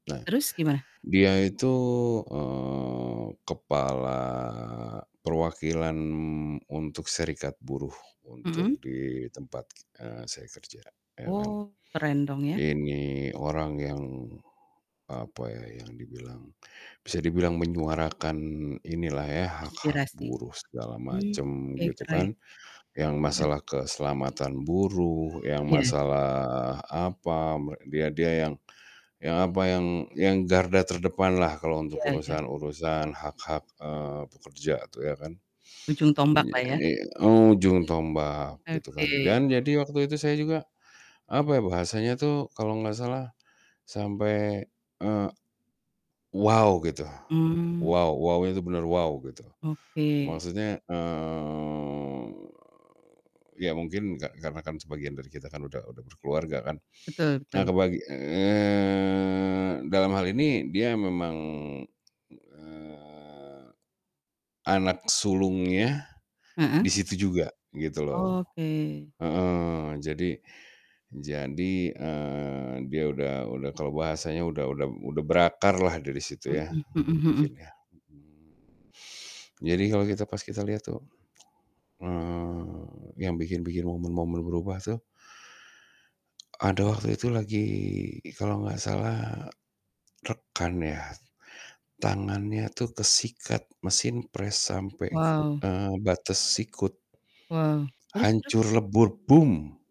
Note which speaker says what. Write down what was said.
Speaker 1: Nah,
Speaker 2: Terus gimana?
Speaker 1: dia itu, eee, kepala perwakilan untuk serikat buruh, untuk
Speaker 2: Mhm.
Speaker 1: di tempat ki eee, saya kerja, iya kan.
Speaker 2: Oh, keren dong ya.
Speaker 1: Ini orang yang, apa ya, yang dibilang bisa dibilang menyuarakan inilah ya hak-hak
Speaker 2: Aspirasi.
Speaker 1: buruh segala
Speaker 2: Mmm.
Speaker 1: macam
Speaker 2: Oke
Speaker 1: gitu
Speaker 2: keren.
Speaker 1: kan, yang
Speaker 2: Iya.
Speaker 1: masalah keselamatan buruh, yang
Speaker 2: Iya.
Speaker 1: masalah, apa, me dia dia yang yang apa, yang yang garda terdepanlah kalau untuk
Speaker 2: Iya iya.
Speaker 1: urusan-urusan hak-hak, eee, pekerja tuh ya kan.
Speaker 2: Ujung
Speaker 1: Mmm, iya
Speaker 2: tombaklah ya?
Speaker 1: ini ujung tombak gitu kan
Speaker 2: Oke.
Speaker 1: dan jadi waktu itu saya juga, apa ya, bahasanya tuh kalau enggak salah sampai, eee, "Wow." Gitu,
Speaker 2: Mmm.
Speaker 1: "Wow." Wow-nya itu bener wow gitu.
Speaker 2: Oke.
Speaker 1: Maksudnya, eee, iya mungkin ka karena kan sebagian dari kita kan udah udah berkeluarga kan.
Speaker 2: Betul
Speaker 1: Nah
Speaker 2: betul.
Speaker 1: kebagi eee, dalam hal ini dia memang, eee, anak sulungnya,
Speaker 2: Heeh.
Speaker 1: di situ juga gitu loh.
Speaker 2: Oke.
Speaker 1: Heeh. Jadi jadi, eee, dia udah udah, kalau bahasanya udah udah udah berakarlah dari situ ya.
Speaker 2: Mhm, mhm mhm.
Speaker 1: Mungkin ya. Mhm Jadi kalau kita pas kita lihat tuh, eee, yang bikin-bikin momen-momen berubah tuh ada waktu itu lagi kalau enggak salah, rekan ya. Tangannya tuh kesikat mesin pres sampai ke
Speaker 2: Wow.
Speaker 1: eee, batas sikut.
Speaker 2: Wow, terus terus?
Speaker 1: Hancur lebur, "Boom!"